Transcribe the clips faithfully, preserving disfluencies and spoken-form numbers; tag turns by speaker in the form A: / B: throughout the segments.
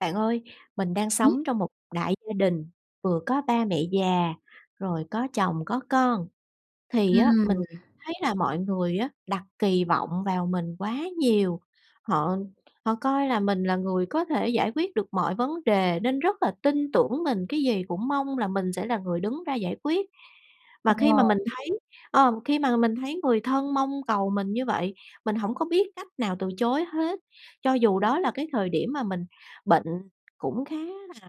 A: Bạn ơi, mình đang
B: [unintelligible]
A: sống trong một đại gia đình, vừa có ba mẹ già, rồi có chồng, có con, thì á
B: Ừm.
A: mình thấy là mọi người á đặt kỳ vọng vào mình quá nhiều. Họ họ coi là mình là người có thể giải quyết được mọi vấn đề nên rất là tin tưởng mình, cái gì cũng mong là mình sẽ là người đứng ra giải quyết. Và khi mà
B: Ờ.
A: mình thấy ờm, khi mà mình thấy người thân mong cầu mình như vậy, mình hổng có biết cách nào từ chối hết, cho dù đó là cái thời điểm mà mình bệnh cũng khá là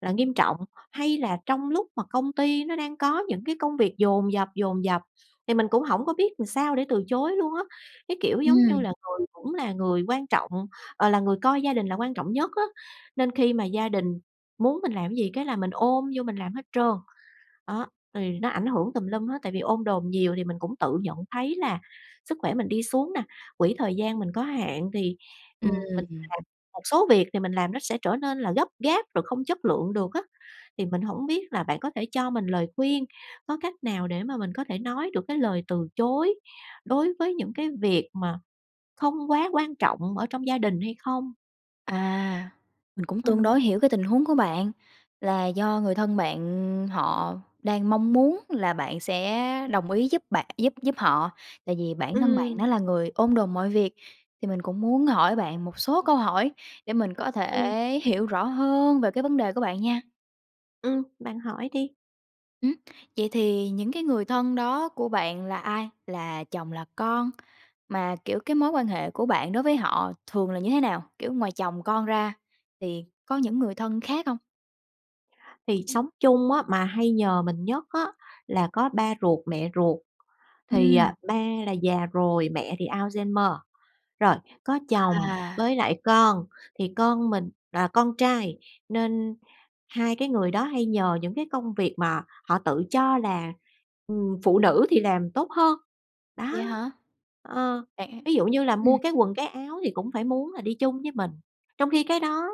A: là nghiêm trọng, hay là trong lúc mà công ty nó đang có những cái công việc dồn dập, dồn dập thì mình cũng hổng có biết ừn sao để từ chối luôn á. Cái, kiểu, giống như
B: Ừm.
A: là người cũng là người quan trọng, ờ, là người coi gia đình là quan trọng nhất á, nên khi mà gia đình muốn mình làm cái gì cái là mình ôm vô mình làm hết trơn. Đó, thì nó ảnh hưởng tùm lum hết, tại vì ôm đồm nhiều thì mình cũng tự nhận thấy là sức khỏe mình đi xuống nà, quỹ thời gian mình có hạn thì,
B: Ưm
A: ừm, mình
B: ừm.
A: làm một số việc thì mình làm nó sẽ trở nên là gấp gáp rồi không chất lượng được á. Thì mình hổng biết là bạn có thể cho mình lời khuyên, có cách nào để mà mình có thể nói được cái lời từ chối đối với những cái việc mà không quá quan trọng ở trong gia đình hay không?
B: À, mình cũng tương
A: Ừm.
B: đối hiểu cái tình huống của bạn, là do người thân bạn họ đang mong muốn là bạn sẽ đồng ý giúp bạn giúp giúp họ, tại vì bản thân bạn đã
A: Ừm.
B: là người ôm đồm mọi việc. Thì mình cũng muốn hỏi bạn một số câu hỏi để mình có
A: Ừm.
B: thể hiểu rõ hơn về cái vấn đề của bạn nha.
A: Ừm, bạn hỏi đi.
B: Ừm, vậy thì những cái người thân đó của bạn là ai? Là chồng, là con? Mà, kiểu, cái mối quan hệ của bạn đối với họ thường là như thế nào? Kiểu, ngoài chồng con ra thì có những người thân khác hông?
A: Thì
B: Ừm.
A: sống chung á mà hay nhờ mình nhất á là có ba ruột, mẹ ruột, thì, ờ,
B: Ừm.
A: ba là già rồi, mẹ thì Alzheimer. Rồi, có chồng
B: À.
A: với lại con, thì con mình là con trai nên hai cái người đó hay nhờ những cái công việc mà họ tự cho là, ừm, phụ nữ thì làm tốt hơn. Đó.
B: Vậy hả?
A: Ờ.
B: Bạn
A: Ví dụ như là mua
B: ừm.
A: cái quần cái áo thì cũng phải muốn là đi chung với mình, trong khi cái đó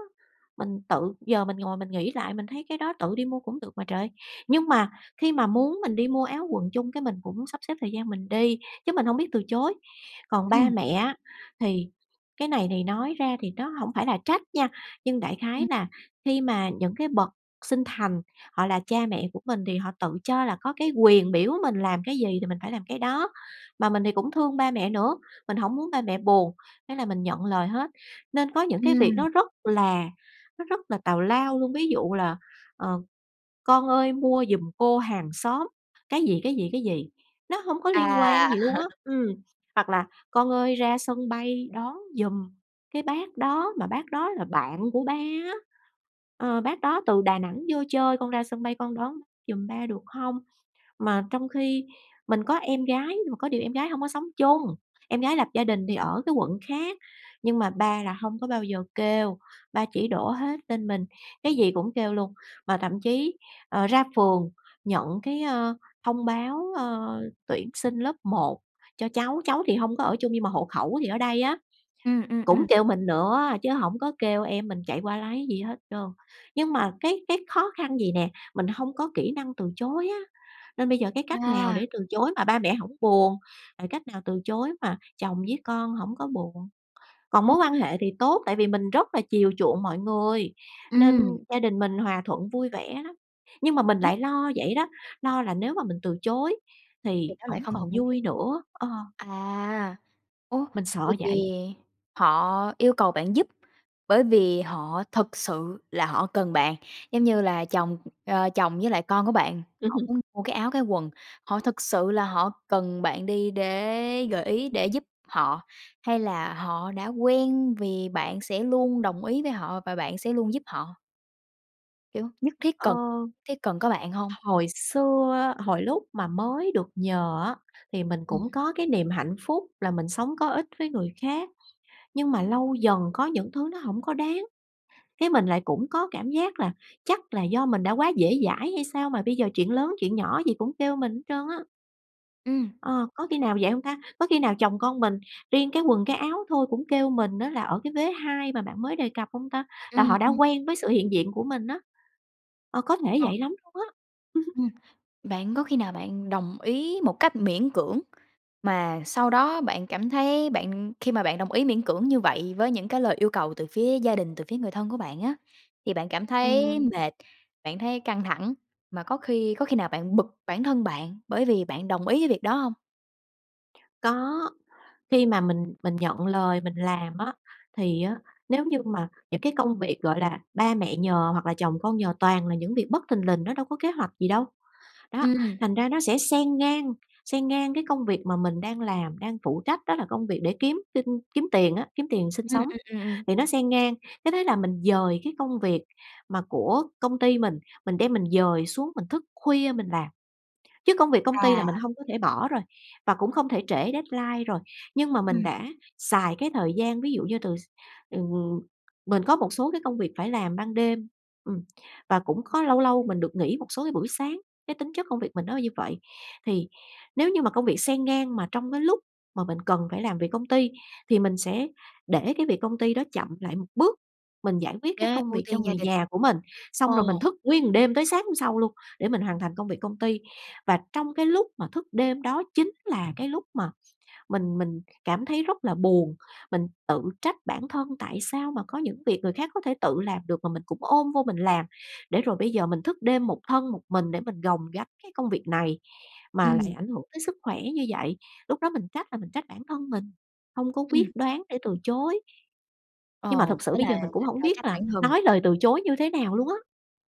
A: mình tự giờ mình ngồi mình nghĩ lại, mình thấy cái đó tự đi mua cũng được mà trời. Nhưng mà khi mà muốn mình đi mua áo quần chung cái mình cũng sắp xếp thời gian mình đi, chứ mình hông biết từ chối. Còn ba
B: Ừm.
A: mẹ á thì cái này thì nói ra thì nó hổng phải là trách nha, nhưng đại khái
B: Ừm.
A: là khi mà những cái bậc sinh thành, họ là cha mẹ của mình thì họ tự cho là có cái quyền biểu mình làm cái gì thì mình phải làm cái đó. Mà mình thì cũng thương ba mẹ nữa, mình hổng muốn ba mẹ buồn, thế là mình nhận lời hết. Nên có những cái việc
B: Ừm.
A: nó rất là nó rất là tào lao luôn, ví dụ là "Ờ, con ơi, mua giùm cô hàng xóm" cái gì, cái gì, cái gì, nó hông có liên quan
B: À!
A: gì luôn á, ừm. Hoặc là "Con ơi, ra sân bay đón giùm cái bác đó, mà bác đó là bạn của ba á. Ờ, bác đó từ Đà Nẵng vô chơi, con ra sân bay con đón giùm ba được hông?" Mà trong khi mình có em gái nhưng mà có điều em gái hông có sống chung, em gái lập gia đình thì ở cái quận khác. Nhưng mà ba là hông có bao giờ kêu, ba chỉ đổ hết lên mình, cái gì cũng kêu luôn. Và thậm chí, ờ, ra phường nhận cái, a, thông báo, a, tuyển sinh lớp một cho cháu, cháu thì hông có ở chung nhưng mà hộ khẩu thì ở đây á,
B: Ừm, ừm,
A: cũng
B: ừm.
A: kêu mình nữa chứ hổng có kêu em mình chạy qua lấy gì hết trơn. Nhưng mà cái cái khó khăn vậy nè, mình hông có kỹ năng từ chối á. Nên bây giờ cái cách nào
B: À!
A: để từ chối mà ba mẹ hổng buồn? Rồi cách nào từ chối mà chồng với con hổng có buồn? Còn
B: Ôi!
A: mối
B: Vậy
A: quan hệ thì tốt tại vì mình rất là chiều chuộng mọi người, nên
B: Ừm.
A: gia đình mình hòa thuận vui vẻ lắm. Nhưng mà mình
B: Ừm.
A: lại lo vậy đó, lo là nếu mà mình từ chối
B: Thì
A: thì
B: nó lại
A: hổng
B: không
A: còn
B: còn vui vẻ.
A: vui nữa, ờ.
B: À. Ủa,
A: Mình sợ
B: vậy thì
A: vậy.
B: họ yêu cầu bạn giúp bởi vì họ thực sự là họ cần bạn, giống như là chồng, ờ, chồng với lại con của bạn,
A: Ừm
B: họ
A: hứm.
B: muốn mua cái áo cái quần, họ thực sự là họ cần bạn đi để gợi ý để giúp họ, hay là họ đã quen vì bạn sẽ luôn đồng ý với họ và bạn sẽ luôn giúp họ? Kiểu, nhất thiết
A: Ờ.
B: cần thiết cần có bạn hông?
A: Hồi xưa, hồi lúc mà mới được nhờ á thì mình
B: Ừm.
A: cũng có cái niềm hạnh phúc là mình sống có ích với người khác, nhưng mà lâu dần có những thứ nó hổng có đáng, cái mình lại cũng có cảm giác là chắc là do mình đã quá dễ dãi hay sao mà bây giờ chuyện lớn chuyện nhỏ gì cũng kêu mình hết trơn á.
B: Ừm.
A: Ờ. Có khi nào vậy hông ta? Có khi nào chồng con mình riêng cái quần, cái áo thôi cũng kêu mình á là ở cái vế hai mà bạn mới đề cập hông ta? Là
B: Ừm,
A: họ đã
B: ừm.
A: quen với sự hiện diện của mình á. Ờ, có thể
B: Ờ.
A: vậy lắm luôn á.
B: Ừm. Bạn có khi nào bạn đồng ý một cách miễn cưỡng mà sau đó bạn cảm thấy bạn khi mà bạn đồng ý miễn cưỡng như vậy với những cái lời yêu cầu từ phía gia đình, từ phía người thân của bạn á, thì bạn cảm thấy
A: Ừm.
B: mệt, bạn thấy căng thẳng, mà có khi có khi nào bạn bực bản thân bạn bởi vì bạn đồng ý với việc đó hông?
A: Có. Khi mà mình mình nhận lời mình làm á thì á nếu như mà những cái công việc, gọi là, ba mẹ nhờ hoặc là chồng con nhờ toàn là những việc bất thình lình nó đâu có kế hoạch gì đâu. Đó,
B: Ừm.
A: thành ra nó sẽ xen ngang xen ngang cái công việc mà mình đang làm, đang phụ trách đó là công việc để kiếm tin kiếm tiền á, kiếm tiền sinh
B: Ừm,
A: sống
B: ừm, ừm, ừm.
A: thì nó xen ngang cái thế là mình dời cái công việc mà của công ty mình, mình đem mình dời xuống mình thức khuya mình làm. Chứ công việc công ty là
B: À.
A: mình hông có thể bỏ rồi và cũng không thể trễ deadline rồi, nhưng mà mình
B: Ừm.
A: đã xài cái thời gian ví dụ như từ s ừ, mình có một số cái công việc phải làm ban đêm, ừm, và cũng có lâu lâu mình được nghỉ một số cái buổi sáng, cái tính chất công việc mình nó như vậy. Thì nếu như mà công việc xen ngang mà trong cái lúc mà mình cần phải làm việc công ty thì mình sẽ để cái việc công ty đó chậm lại một bước, mình giải quyết cái
B: Thế
A: công
B: ưu
A: việc cho
B: tiên gia
A: người
B: đình.
A: nhà của mình,
B: Ờ.
A: xong rồi mình thức nguyên một đêm tới sáng hôm sau luôn để mình hoàn thành công việc công ty. Và trong cái lúc mà thức đêm đó chính là cái lúc mà mình mình cảm thấy rất là buồn, mình tự trách bản thân tại sao mà có những việc người khác có thể tự làm được mà mình cũng ôm vô mình làm, để rồi bây giờ mình thức đêm một thân một mình để mình gồng gánh cái công việc này mà lại
B: Ừm.
A: ảnh hưởng tới sức khỏe như vậy. Lúc đó mình trách là mình trách bản thân mình, hông có quyết
B: Ừm.
A: đoán để từ chối. Nhưng
B: Ờ,
A: mà thực sự
B: thế
A: bây giờ
B: là
A: mình cũng
B: thành
A: hổng
B: phải
A: biết
B: trách
A: là
B: bản thân.
A: nói lời từ chối như thế nào luôn á.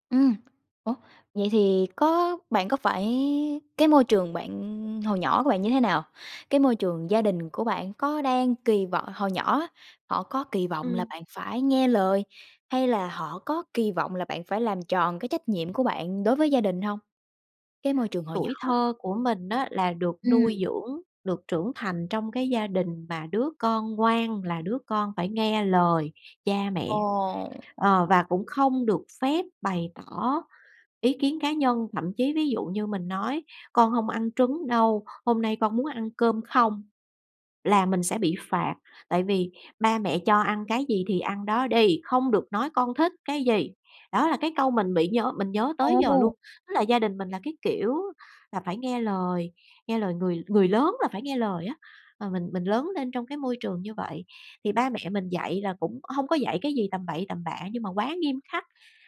B: Ừm, ủa, vậy thì có bạn có phải cái môi trường bạn hồi nhỏ của bạn như thế nào? Cái môi trường gia đình của bạn có đang kỳ vọng hồi nhỏ á, họ có kỳ vọng là
A: Ừm.
B: bạn phải nghe lời hay là họ có kỳ vọng là bạn phải làm tròn cái trách nhiệm của bạn đối với gia đình hông? Cái môi trường hồi nhỏ
A: Tuổi
B: á.
A: thơ của mình á là được
B: Ừm.
A: nuôi dưỡng, được trưởng thành trong cái gia đình mà đứa con ngoan là đứa con phải nghe lời cha mẹ.
B: Ồ.
A: Ờ, và cũng không được phép bày tỏ ý kiến cá nhân, thậm chí ví dụ như mình nói: "Con không ăn trứng đâu, hôm nay con muốn ăn cơm không." Là mình sẽ bị phạt, tại vì: "Ba mẹ cho ăn cái gì thì ăn đó đi, không được nói con thích cái gì." Đó là cái câu mình bị nhớ mình nhớ tới giờ luôn,
B: Ồ!
A: tức là gia đình mình là cái kiểu là phải nghe lời, nghe lời người người lớn, là phải nghe lời á và mình mình lớn lên trong cái môi trường như vậy, thì ba mẹ mình dạy là cũng hông có dạy cái gì tầm bậy tầm bạ nhưng mà quá nghiêm khắc,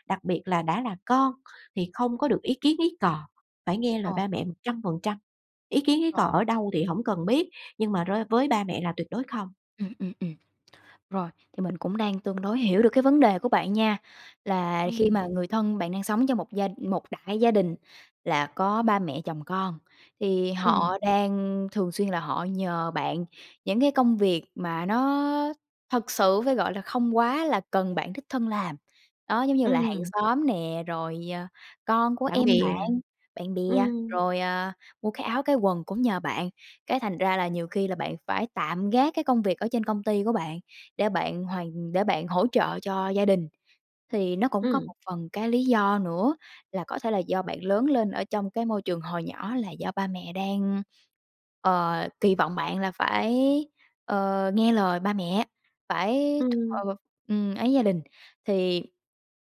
A: đặc biệt là đã là con thì không có được ý kiến ý cò, phải nghe lời
B: Ờ.
A: ba mẹ một trăm phần trăm, ý kiến ý cò
B: Rồi.
A: ở đâu thì hổng cần biết nhưng mà rơi với ba mẹ là tuyệt đối không.
B: Ừm, ừm, ừm, rồi, thì mình cũng đang tương đối hiểu được cái vấn đề của bạn nha, là khi
A: Ừm.
B: mà người thân bạn đang sống trong một gia một đại gia đình là có ba mẹ, chồng con thì
A: Ừm.
B: họ đang thường xuyên là họ nhờ bạn những cái công việc mà nó thực sự phải gọi là, không quá là cần bạn đích thân làm, đó giống như là hàng
A: Ừm.
B: xóm nè, rồi, ờ, con của
A: Bạn
B: em
A: bè.
B: bạn, bạn bè,
A: Ừm.
B: rồi, à, mua cái áo, cái quần cũng nhờ bạn, cái thành ra là nhiều khi là bạn phải tạm gác cái công việc ở trên công ty của bạn để bạn hoàn để bạn hỗ trợ cho gia đình. Thì nó cũng có
A: Ừm.
B: một phần cái lý do nữa là có thể là do bạn lớn lên ở trong cái môi trường hồi nhỏ là do ba mẹ đang, ờ, kỳ vọng bạn là phải, ờ, nghe lời ba mẹ, phải
A: Ừm.
B: ờ, ừm, ấy gia đình thì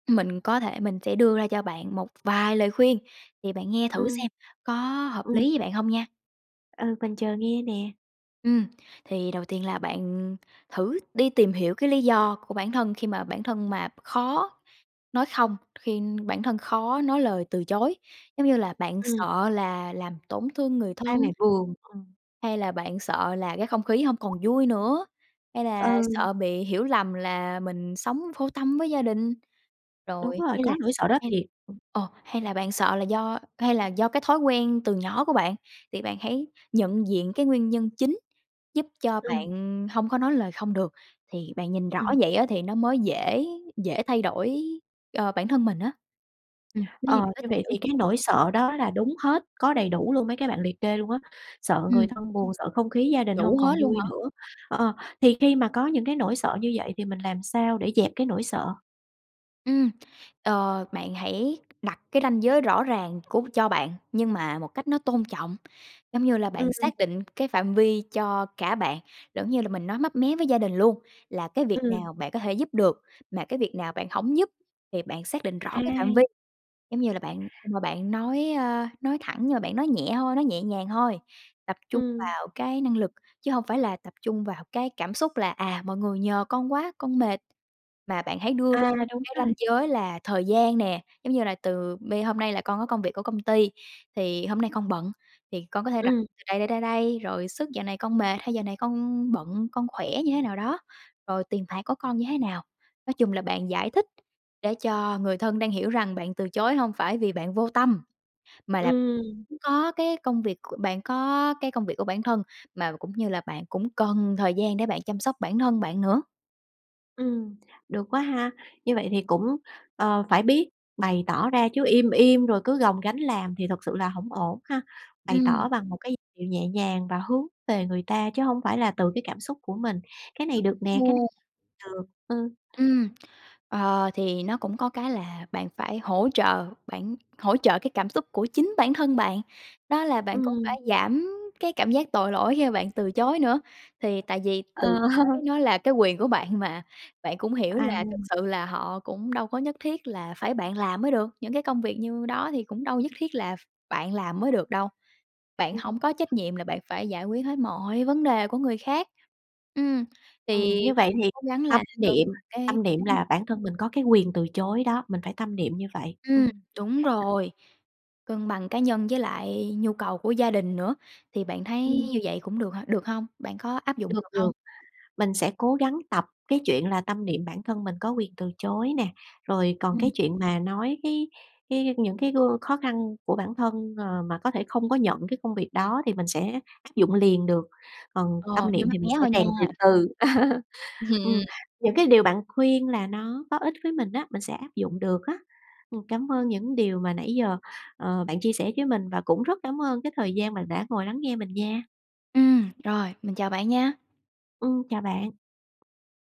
B: mình có thể mình sẽ đưa ra cho bạn một vài lời khuyên thì bạn nghe thử
A: Ừm.
B: xem có hợp
A: Ừm.
B: lý với bạn hông nha?
A: Ừ, mình chờ nghe nè.
B: Ừm. Thì đầu tiên là bạn, ừm, thử đi tìm hiểu cái lý do của bản thân khi mà bản thân mà khó nói không, khi bản thân khó nói lời từ chối, giống như là bạn
A: Ừm.
B: sợ là làm tổn thương người thân?
A: [unintelligible] buồn. Ừm.
B: Hay là bạn sợ là cái không khí hông còn vui nữa? Hay
A: Ờ.
B: là sợ bị hiểu lầm là mình sống vô tâm với gia đình?
A: Đúng
B: Rồi
A: rồi,
B: hay là
A: có nỗi sợ đó
B: hay
A: thiệt.
B: ờ, hay là bạn sợ là do, hay là do cái thói quen từ nhỏ của bạn? Thì bạn hãy nhận diện cái nguyên nhân chính giúp cho
A: Ừm.
B: bạn, ừm, hông có nói lời không được. Thì bạn nhìn rõ
A: Ừm.
B: vậy á thì nó mới dễ dễ thay đổi, ờ, bản thân mình á. Ừm, [unintelligible] nếu như
A: Ờ,
B: mình có
A: như
B: tìm
A: vậy
B: hiểu.
A: thì cái nỗi sợ đó là đúng hết, có đầy đủ luôn mấy cái bạn liệt kê luôn á, sợ người
B: Ừm.
A: thân buồn, sợ không khí gia đình hông
B: Đủ
A: còn
B: hết luôn
A: vui
B: hả?
A: nữa. Ờ, thì khi mà có những cái nỗi sợ như vậy thì mình làm sao để dẹp cái nỗi sợ?
B: Ừm. Ờ, bạn hãy đặt cái ranh giới rõ ràng của cho bạn nhưng mà một cách nó tôn trọng, giống như là
A: Ừm,
B: bạn
A: ừm.
B: xác định cái phạm vi cho cả bạn, giống như là mình nói mấp mé với gia đình luôn là cái việc
A: Ừm.
B: nào bạn có thể giúp được, mà cái việc nào bạn hổng giúp thì bạn xác định rõ cái phạm vi.
A: Ai?
B: Giống như là bạn ưm, mà bạn nói, a, nói thẳng nhưng mà bạn nói nhẹ thôi, nói nhẹ nhàng thôi, tập trung
A: Ừm.
B: vào cái năng lực chứ hông phải là tập trung vào cái cảm xúc, là "À, mọi người nhờ con quá, con mệt." Mà bạn hãy đưa ra
A: À,
B: một
A: đúng
B: cái
A: rồi.
B: ranh giới là thời gian nè, giống như là từ bây "Hôm nay là con có công việc của công ty, thì hôm nay con bận thì con có thể đặt
A: Ừm.
B: từ đây, đây, đây, đây", rồi sức "Dạo này con mệt" hay "Dạo này con bận, con khỏe như thế nào đó", rồi "Tiền bạc của con như thế nào." Nói chung là bạn giải thích để cho người thân đang hiểu rằng bạn từ chối hông phải vì bạn vô tâm, mà là
A: Ừm.
B: có cái công việc của bạn có cái công việc của bản thân mà cũng như là bạn cũng cần thời gian để bạn chăm sóc bản thân bạn nữa.
A: Ừm, được quá ha! Như vậy thì cũng, ờ, phải biết bày tỏ ra chứ im im rồi cứ gồng gánh làm thì thực sự là hổng ổn ha! Bày
B: Ừm.
A: tỏ bằng một cái điệu nhẹ nhàng và hướng về người ta chứ hông phải là từ cái cảm xúc của mình, cái này
B: Đúng
A: được nè, cái này
B: luôn.
A: được, ừm.
B: Ừm, ờ, thì nó cũng có cái là bạn phải hỗ trợ bản hỗ trợ cái cảm xúc của chính bản thân bạn, đó là bạn cũng phải
A: Ừm.
B: giảm cái cảm giác tội lỗi khi mà bạn từ chối nữa. Thì tại vì từ
A: Ờ.
B: chối nó là cái quyền của bạn mà, bạn cũng hiểu
A: À.
B: là thực sự là họ cũng đâu có nhất thiết là phải bạn làm mới được, những cái công việc như đó thì cũng đâu có nhất thiết là ph bạn làm mới được đâu. Bạn
A: Ừm.
B: hổng có trách nhiệm là bạn phải giải quyết hết mọi vấn đề của người khác. Ừm,
A: Ừm,
B: thì
A: như
B: bạn
A: vậy thì
B: cố gắng
A: tâm
B: là cân
A: niệm
B: bằng cái
A: tâm niệm
B: cái
A: là bản thân mình có cái quyền từ chối đó, mình phải tâm niệm như vậy.
B: Ừm,
A: Ừm.
B: đúng rồi, cân bằng cá nhân với lại nhu cầu của gia đình nữa thì bạn thấy
A: Ừm.
B: như vậy cũng được hả? Được hông? Bạn có áp dụng
A: Được,
B: được
A: được.
B: hông?
A: Mình sẽ cố gắng tập cái chuyện là tâm niệm bản thân mình có quyền từ chối nè, rồi còn cái
B: Ừm.
A: chuyện mà nói cái cái những cái gương khó khăn của bản thân, ờ, mà có thể không có nhận cái công việc đó thì mình sẽ dụng liền được, còn
B: Ờ,
A: tâm
B: nói
A: niệm
B: mấp
A: thì
B: mé
A: mình sẽ
B: thôi nha.
A: rèn từ từ. Ừm,
B: Hừm.
A: những cái điều bạn khuyên là nó có ích với mình á, mình sẽ áp dụng được á. Ừm, cảm ơn những điều mà nãy giờ, ờ, bạn chia sẻ với mình và cũng rất cảm ơn cái thời gian bạn đã ngồi lắng nghe mình nha!
B: Ừm, rồi, mình chào bạn nha!
A: Ừm, chào bạn.